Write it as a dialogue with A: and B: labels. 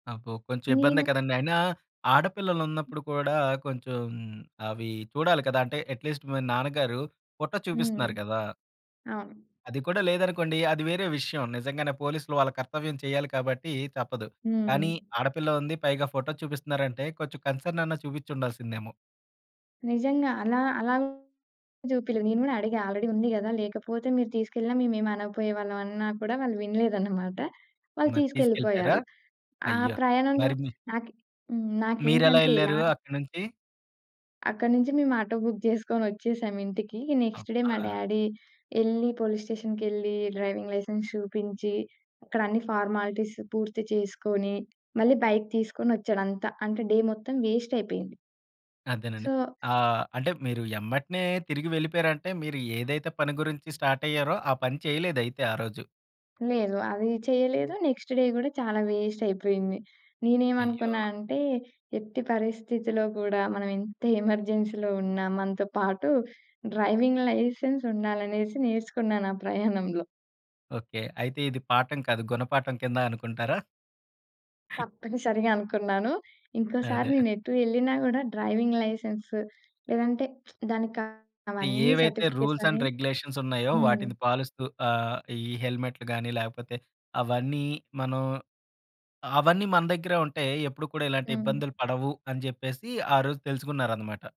A: అబ్బో! కొంచెం ఇబ్బందే
B: నేను
A: కదండీ! అయినా ఆడపిల్లలున్నప్పుడు కూడా కొంచెం అవి చూడాలి కదా! అంటే ఎట్‌లీస్ట్ మీ నాన్నగారు ఫోటో
B: హ్మ్.
A: చూపిస్తున్నారు కదా!
B: అవును.
A: అది కూడా లేదనుకోండి. అది వేరే విషయం. నిజంగానే పోలీసులు వాళ్ళ కర్తవ్యం చేయాలి కాబట్టి తప్పదు. కానీ
B: హ్మ్.
A: ఆడపిల్ల ఉంది పైగా ఫోటో చూపిస్తున్నారంటే కొంచెం కన్సర్న్ అన్న చూపించి ఉండాల్సిందేమో.
B: నిజంగా. అలా అలాగే చూపియలే నేను కూడా అడిగా ఆల్రెడీ ఉంది కదా! లేకపోతే మీరు తీసుకెళ్ళిన మేము ఏమనకపోయే వాళ్ళం అన్న కూడా వాళ్ళు వినలేదన్నమాట. వాళ్ళు
A: మరి తీసుకెళ్ళిపోయారా?
B: తీసుకెళ్ళిపోయారు. ఆ
A: అయ్యో!
B: ప్రయాణంలో
A: మరి మీ
B: నాకు హ్మ్. నాకేంటి
A: మీరెలా
B: అంటే ఎలా
A: ఎళ్లారు అక్కడి నుంచి?
B: అక్కడ నుంచి మేము ఆటో బుక్ చేసుకొని వచ్చేసాం ఇంటికి. ఇగ నెక్స్ట్ డే మా
A: అబ్బా!
B: డ్యాడీ ఎళ్లి పోలీస్ స్టేషన్‌కెళ్లి డ్రైవింగ్ లైసెన్స్ చూపించి, అక్కడన్ని ఫార్మాలిటీస్ పూర్తి చేసుకొని మళ్ళి బైక్ తీసుకొని వచ్చాడు అంతా. అంటే డే మొత్తం వేస్టయిపోయింది.
A: అదేనండి.
B: సో
A: ఆహ్, అంటే మీరు ఎమ్మట్నే తిరిగి వెళ్ళిపోయారంటే మీరు ఏదైతే పని గురించి స్టార్టయ్యారో ఆ పని చేయలేదయితే ఆ రోజు.
B: లేదు. అది చేయలేదు. నెక్స్ట్ డే గూడా చాలా వేస్టయిపోయింది. నేనేమనుకున్నా
A: అయ్యో!
B: అంటే ఎట్టి పరిస్థితిలో కూడా మనం ఎంత ఎమర్జెన్సీలో ఉన్నా మనతో పాటు డ్రైవింగ్ లైసెన్స్ ఉండాలనేసి నేర్చుకున్నాను ఆ ప్రయాణంలో.
A: ఓకే. అయితే ఇది పాఠం కాదు గుణపాఠం కింద అనుకుంటారా?
B: తప్పనిసరిగా అనుకున్నాను. ఇంకోసారి
A: అదే.
B: నేను ఎటు వెళ్ళినా కూడా డ్రైవింగ్ లైసెన్స్ లేదంటే, దానికి కావాల్సినవన్నీ
A: ఏవైతే
B: సర్టిఫికేట్స్
A: రూల్స్
B: అన్నీ
A: అండ్ రెగ్యులేషన్స్ ఉన్నాయో
B: హ్మ్.
A: వాటిని పాలిస్తూ ఆహ్, ఈ హెల్మెట్లు గాని లేకపోతే అవన్నీ మనం అవన్నీ మన దగ్గరే ఉంటే ఎప్పుడు కూడా ఇలాంటి
B: హ్మ్.
A: ఇబ్బందులు పడవు అని జెప్పేసి ఆరోజు తెలుసుకున్నారన్నమాట.